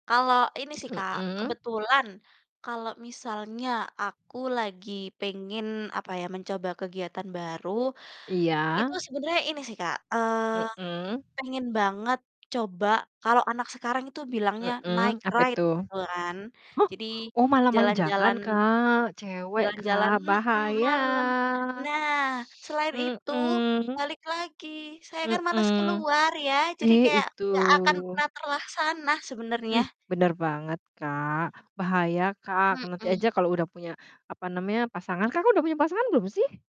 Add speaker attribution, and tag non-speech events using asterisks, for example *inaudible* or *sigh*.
Speaker 1: Kalau ini sih Kak,
Speaker 2: Mhm.
Speaker 1: kebetulan kalau misalnya aku lagi pengen apa ya, mencoba kegiatan baru, itu
Speaker 2: Iya.
Speaker 1: sebenernya ini sih Kak, eee,
Speaker 2: Mhm.
Speaker 1: pengen banget coba, kalau anak sekarang itu bilangnya night
Speaker 2: Mhm, apa itu?
Speaker 1: ride gitu kan.
Speaker 2: *chuckles*
Speaker 1: Jadi
Speaker 2: Oh, malam-malam
Speaker 1: jalan-jalan
Speaker 2: jangan Kak, cewek
Speaker 1: jalan-jalan
Speaker 2: Kak
Speaker 1: mhm, malam.
Speaker 2: bahaya.
Speaker 1: Nah, selain itu
Speaker 2: Mhm.
Speaker 1: balik lagi, saya kan males
Speaker 2: Mhm.
Speaker 1: keluar ya, jadi
Speaker 2: Eh
Speaker 1: kayak
Speaker 2: itu.
Speaker 1: gak akan pernah terlaksana sebenernya.
Speaker 2: Ih, bener banget Kak, bahaya Kak, ke nanti
Speaker 1: Mhm.
Speaker 2: aja kalau udah punya apa namanya, pasangan. Kakak udah punya pasangan belum sih?